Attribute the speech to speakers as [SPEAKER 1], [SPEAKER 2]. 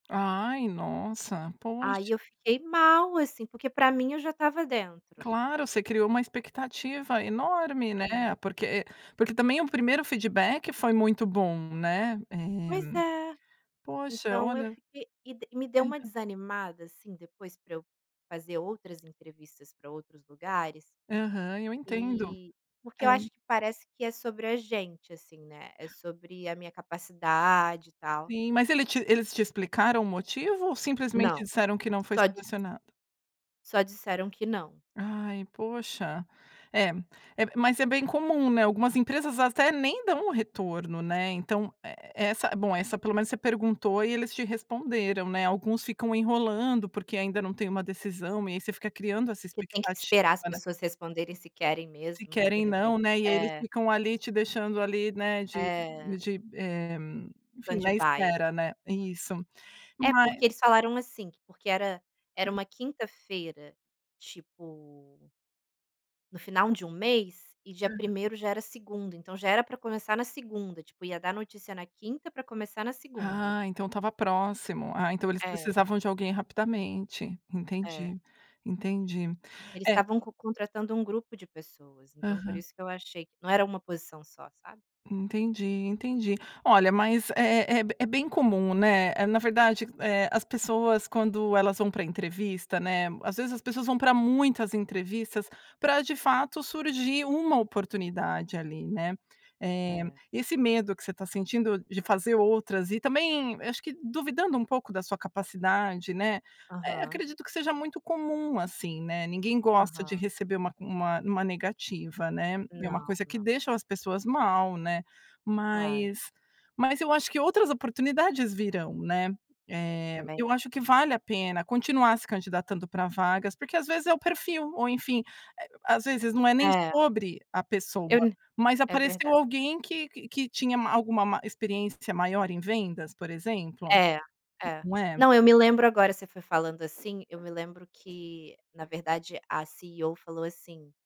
[SPEAKER 1] Ai, nossa,
[SPEAKER 2] Aí
[SPEAKER 1] poxa.
[SPEAKER 2] eu fiquei mal, assim, porque pra mim eu já estava dentro.
[SPEAKER 1] Claro, você criou uma expectativa enorme,
[SPEAKER 2] É.
[SPEAKER 1] né, porque porque também o primeiro feedback foi muito bom, né,
[SPEAKER 2] Pois
[SPEAKER 1] eh,
[SPEAKER 2] é.
[SPEAKER 1] poxa,
[SPEAKER 2] Então, eu
[SPEAKER 1] olha
[SPEAKER 2] fiquei e de me deu uma
[SPEAKER 1] Aham.
[SPEAKER 2] desanimada, assim, depois pra eu fazer outras entrevistas pra outros lugares
[SPEAKER 1] Aham, eu entendo.
[SPEAKER 2] e, porque
[SPEAKER 1] É.
[SPEAKER 2] eu acho que parece que é sobre a gente assim, né, é sobre a minha capacidade, e tal.
[SPEAKER 1] Sim, mas ele te eles te explicaram o motivo ou simplesmente
[SPEAKER 2] Não,
[SPEAKER 1] disseram que não foi
[SPEAKER 2] só dis
[SPEAKER 1] selecionada?
[SPEAKER 2] só disseram que não.
[SPEAKER 1] Ai, poxa, é, é, mas é bem comum, né, algumas empresas até nem dão o retorno, né. Então, e essa bom, eh, essa pelo menos você perguntou e eles te responderam, né, alguns ficam enrolando, porque ainda não têm uma decisão e aí você fica criando essa
[SPEAKER 2] Que tem que
[SPEAKER 1] expectativa,
[SPEAKER 2] esperar as
[SPEAKER 1] né.
[SPEAKER 2] pessoas responderem se querem
[SPEAKER 1] Se
[SPEAKER 2] mesmo, né, de
[SPEAKER 1] querem não,
[SPEAKER 2] repente.
[SPEAKER 1] né. E aí eles
[SPEAKER 2] É.
[SPEAKER 1] ficam ali te deixando ali, né, de
[SPEAKER 2] É.
[SPEAKER 1] de, eh, enfim, na
[SPEAKER 2] Stand by.
[SPEAKER 1] espera né isso,
[SPEAKER 2] É,
[SPEAKER 1] vai
[SPEAKER 2] porque eles falaram, assim, que porque era era
[SPEAKER 1] Hã.
[SPEAKER 2] uma quinta-feira, tipo no final de um mês, e dia
[SPEAKER 1] Aham.
[SPEAKER 2] primeiro já era segunda, então, já era pra começar na segunda, tipo, ia dar notícia na quinta pra começar na segunda.
[SPEAKER 1] Ah, então, estava próximo, ah, então, eles
[SPEAKER 2] É.
[SPEAKER 1] precisavam de alguém rapidamente,
[SPEAKER 2] É.
[SPEAKER 1] entendi, entendi,
[SPEAKER 2] Eles
[SPEAKER 1] eh
[SPEAKER 2] estavam co contratando um grupo de pessoas, então, por
[SPEAKER 1] Aham.
[SPEAKER 2] isso que eu achei não era uma posição só, sabe.
[SPEAKER 1] Entendi, entendi. Olha, mas é é é é bem comum, né. Eh, na verdade, eh, as pessoas quando elas vão pra entrevista, né, às vezes as pessoas vão pra muitas entrevistas pra de fato surgir uma oportunidade ali, né. Eh,
[SPEAKER 2] É.
[SPEAKER 1] e esse medo que você tá sentindo de fazer outras e também acho que duvidando um pouco da sua capacidade, né, eh,
[SPEAKER 2] Aham.
[SPEAKER 1] acredito que seja muito comum assim, né, ninguém gosta de
[SPEAKER 2] Aham.
[SPEAKER 1] receber uma uma uma negativa, né. E é uma
[SPEAKER 2] Não,
[SPEAKER 1] coisa que
[SPEAKER 2] não.
[SPEAKER 1] deixa as pessoas mal, né,
[SPEAKER 2] Claro.
[SPEAKER 1] mas mas eu acho que outras oportunidades virão, né, eh,
[SPEAKER 2] Também
[SPEAKER 1] eu acho que
[SPEAKER 2] acho.
[SPEAKER 1] vale a pena continuar se candidatando pra vagas, porque às vezes é o perfil, ou enfim, eh, às vezes não é nem
[SPEAKER 2] É.
[SPEAKER 1] sobre a pessoa,
[SPEAKER 2] Eu
[SPEAKER 1] mas
[SPEAKER 2] é
[SPEAKER 1] apareceu
[SPEAKER 2] verdade.
[SPEAKER 1] alguém que que que tinha ma alguma mais, experiência maior em vendas, por exemplo,
[SPEAKER 2] É,
[SPEAKER 1] n
[SPEAKER 2] é.
[SPEAKER 1] não é.
[SPEAKER 2] Não, eu me lembro agora, você foi falando, assim, eu me lembro que na verdade a CEO falou assim